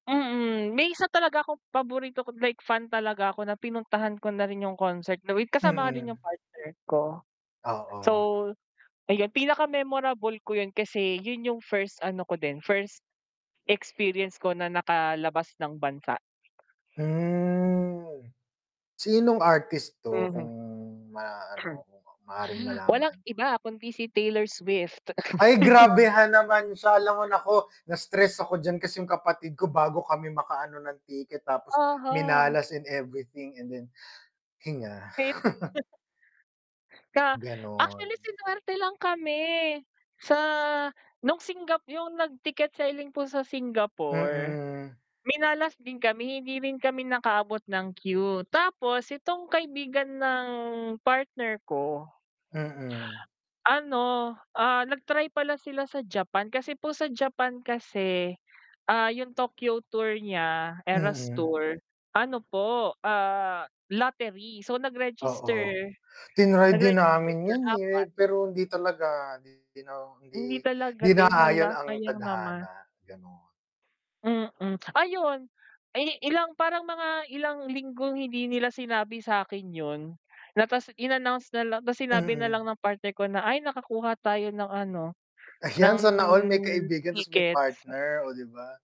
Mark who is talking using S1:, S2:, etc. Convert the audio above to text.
S1: Mm, may isa talaga akong paborito ko like fan talaga ako na pinuntahan ko na rin yung concert na with kasama nga rin yung
S2: Mm.
S1: partner ko. So
S2: Oo.
S1: ayun, pinaka memorable ko 'yun kasi 'yun yung first ano ko din, first experience ko na nakalabas ng bansa.
S2: Hmm. Sinong artist 'to? Kung
S1: Mhm.
S2: ma-ano maaring
S1: Walang
S2: malaman.
S1: iba kundi si Taylor Swift.
S2: Ay, grabehan naman sya 'lam mo naku, na-stress ako diyan kasi yung kapatid ko bago kami makaano ng ticket tapos
S1: Aha
S2: minalas in everything and then hinga.
S1: Hit. Ka
S2: Gano'n.
S1: actually sinuwerte lang kami, sa nung Singap yung nag ticket selling po sa Singapore,
S2: Mm.
S1: minalas din kami hindi rin kami nakaabot ng qeue, tapos itong kaibigan ng partner ko
S2: Mm.
S1: ano, ah, nag-try pala sila sa Japan, kasi po sa Japan kasi, ah, yung Tokyo tour nya, Eras
S2: Mm.
S1: Tour, ano po, ah, lottery so nag-register,
S2: Oo. Tinry din
S1: nag-register
S2: namin
S1: sila
S2: yan, eh, re
S1: 4.
S2: pero 'di talaga 'di no
S1: Hindi
S2: 'di
S1: talaga
S2: 'di
S1: din,
S2: naayon
S1: hala
S2: ang
S1: sayang naman.
S2: tadhana, gano'n.
S1: Mm, ayun, eh, ilang parang mga ilang linggong hindi nila sinabi sa'kin 'yun, na ta's in-announce na lang tapos sinabi
S2: Mm.
S1: nalang ng partner ko na, "Ay, nakakuha tayo ng ano,
S2: Ayan,
S1: ng
S2: sana all may kaibigan ta's may
S1: tickets."
S2: partner, oh, 'di ba?